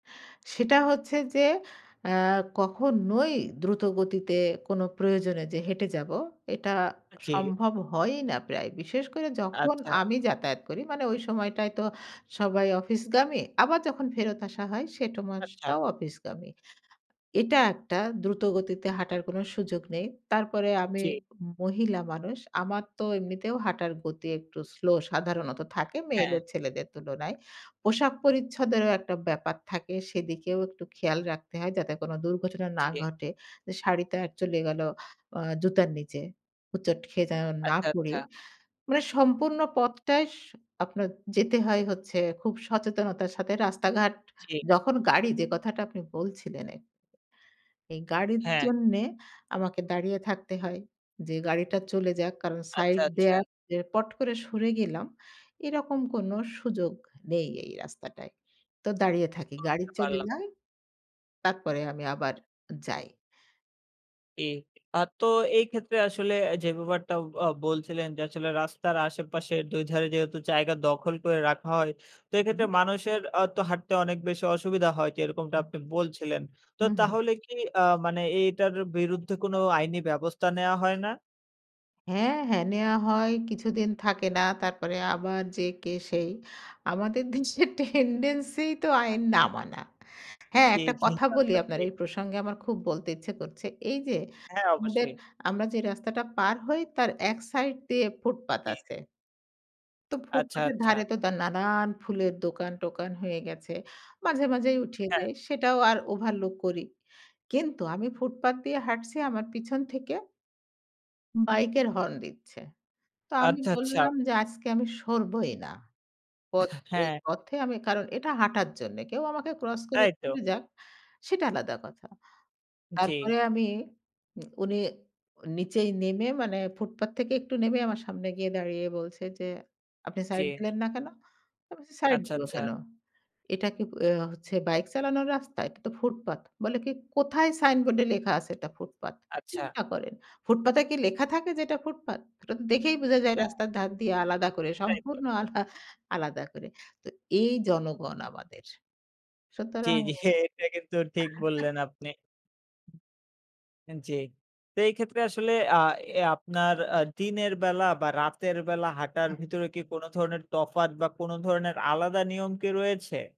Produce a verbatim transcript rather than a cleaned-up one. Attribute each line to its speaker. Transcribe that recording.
Speaker 1: সেটা হচ্ছে যে, এ কখনোই দ্রুতগতিতে কোন প্রয়োজনে যে, হেঁটে যাব। এটা
Speaker 2: আ জি।
Speaker 1: সম্ভব হয়ই না প্রায়। বিশেষ করে যখন
Speaker 2: আচ্ছা।
Speaker 1: আমি যাতায়াত করি, মানে ওই সময়টায় তো সবাই অফিসগামী। আবার যখন ফেরত আসা হয় সেট
Speaker 2: আচ্ছা।
Speaker 1: মাসটাও অফিসগামী। এটা একটা দ্রুত গতিতে হাঁটার কোন সুযোগ নেই। তারপরে আমি
Speaker 2: জি।
Speaker 1: মহিলা মানুষ। আমার তো এমনিতেও হাঁটার গতি একটু স্লো সাধারণত থাকে মেয়ে
Speaker 2: হ্যাঁ।
Speaker 1: ছেলেদের তুলনায়। পোশাক পরিচ্ছদেরও একটা ব্যাপার থাকে। সেদিকেও একটু খেয়াল রাখতে হয় যাতে কোন দুর্ঘটনা, না
Speaker 2: জি।
Speaker 1: ঘটে। যে, শাড়ি তা চলে গেল আ জুতার নিচে। হোঁচট খেয়ে যেন না
Speaker 2: আচ্ছা,
Speaker 1: পরি।
Speaker 2: আচ্ছা।
Speaker 1: মানে সম্পূর্ণ পথটায় সু আপনার যেতে হয় হচ্ছে খুব সচেতনতার সাথে রাস্তা-ঘাট
Speaker 2: জি।
Speaker 1: যখন গাড়ি যে, কথাটা আপনি বলছিলেন এই, এই গাড়ির
Speaker 2: হ্যাঁ।
Speaker 1: জন্যে আমাকে দাঁড়িয়ে থাকতে হয়। যে, গাড়িটা চলে যাক কারণ
Speaker 2: আচ্ছা,
Speaker 1: সাইড
Speaker 2: আচ্ছা।
Speaker 1: দেয়া যে, পট করে সরে গেলাম। এরকম কোন সুযোগ নেই এই রাস্তাটায়। তো দাঁড়িয়ে থাকি। গাড়ি
Speaker 2: বুঝতে
Speaker 1: চলে
Speaker 2: পারলাম।
Speaker 1: যায়। তারপরে আমি আবার যাই।
Speaker 2: কি আর তো এই ক্ষেত্রে আসলে অ্যা যে, ব্যাপারটা আ বলছিলেন যে, আসলে রাস্তার আশেপাশের দুই ধারে যেহেতু জায়গা দখল করে রাখা হয়। তো এক্ষেত্রে
Speaker 1: হুম।
Speaker 2: মানুষের আ তো হাঁটতে অনেক বেশি অসুবিধা হয় যে, এরকমটা
Speaker 1: হুম।
Speaker 2: আপনি বলছিলেন। তো
Speaker 1: হু, হুম।
Speaker 2: তাহলে কি আ মানে এটার বিরুদ্ধে কোন আইনি ব্যবস্থা নেয়া হয় না?
Speaker 1: হ্যাঁ, হ্যাঁ। নেয়া হয়। কিছুদিন থাকে না। তারপরে আবার যে, কে সেই। আমাদের দিন্সে tendency ই তো
Speaker 2: হ্যাঁ।
Speaker 1: আইন না মানা। হ্যাঁ,
Speaker 2: জি,
Speaker 1: একটা
Speaker 2: জি।
Speaker 1: কথা বলি
Speaker 2: তাতো
Speaker 1: আপনার
Speaker 2: ঠিক।
Speaker 1: এই প্রসঙ্গে আমার খুব বলতে ইচ্ছা করছে। এই যে,
Speaker 2: হ্যাঁ,
Speaker 1: আমাদের
Speaker 2: অবশ্যই।
Speaker 1: আমরা যে, রাস্তাটা পার হই তার এক সাইড দিয়ে ফুটপাত
Speaker 2: জি।
Speaker 1: আছে। তো
Speaker 2: আচ্ছা,
Speaker 1: ফুটপাথের
Speaker 2: আচ্ছা।
Speaker 1: ধারে তো দা নানান ফুলের দোকান-টোকান হয়ে গেছে। মাঝে, মাঝেই উঠিয়ে
Speaker 2: হ্যাঁ।
Speaker 1: দেয়। সেটাও আর overlook করি। কিন্তু আমি ফুটপাত দিয়ে হাঁটছি আমার পেছন থেকে বাইকের হর্ন দিচ্ছে। তো আমি
Speaker 2: আচ্ছা, আচ্ছা।
Speaker 1: বললাম যে, আজকে আমি সরবই না।
Speaker 2: এহ,
Speaker 1: পথ এই
Speaker 2: হ্যাঁ।
Speaker 1: পথে আমি কারণ এটা হাঁটার জন্যে কেউ আমাকে ক্রস করে
Speaker 2: তাই তো।
Speaker 1: চলে যাক। সেটা আলাদা কথা।
Speaker 2: জি।
Speaker 1: তারপরে আমি উম উনি নিচে নেমে মানে ফুটপাত থেকে একটু নেমে আমার সামনে গিয়ে দাঁড়িয়ে বলছে, যে, "আপনি
Speaker 2: জি।
Speaker 1: সাইড দিলেন না কেন?" আমি বলছি "সাইড
Speaker 2: আচ্ছা,
Speaker 1: দিব
Speaker 2: আচ্ছা।
Speaker 1: কেন? এটা কি আ হচ্ছে বাইক চালানোর রাস্তা, এটা তো ফুটপাত।" বলে কি "কোথায় সাইনবোর্ডে লেখা আছে এটা ফুটপাত?"
Speaker 2: আচ্ছা।
Speaker 1: চিন্তা করেন? ফুটপাতে কি লেখা থাকে যে, এটা ফুটপাত ওটা তো দেখেই বোঝা যায়
Speaker 2: হ্যাঁ।
Speaker 1: রাস্তার ধার দিয়ে আলাদা করে
Speaker 2: তাই তো।
Speaker 1: সম্পূর্ণ আলা আলাদা করে। তো এই জনগণ আমাদের!
Speaker 2: জি,
Speaker 1: সুতরাং
Speaker 2: জি। হে এটা কিন্তু ঠিক বললেন, আপনি আন জি। তো এই ক্ষেত্রে আসলে আ এ আপনার আ দিনের বেলা বা রাতের বেলা হাঁটার
Speaker 1: হ্যাঁ।
Speaker 2: ভিতরে কি কোন ধরণের তফাত বা কোন ধরনের আলাদা নিয়ম কি রয়েছে?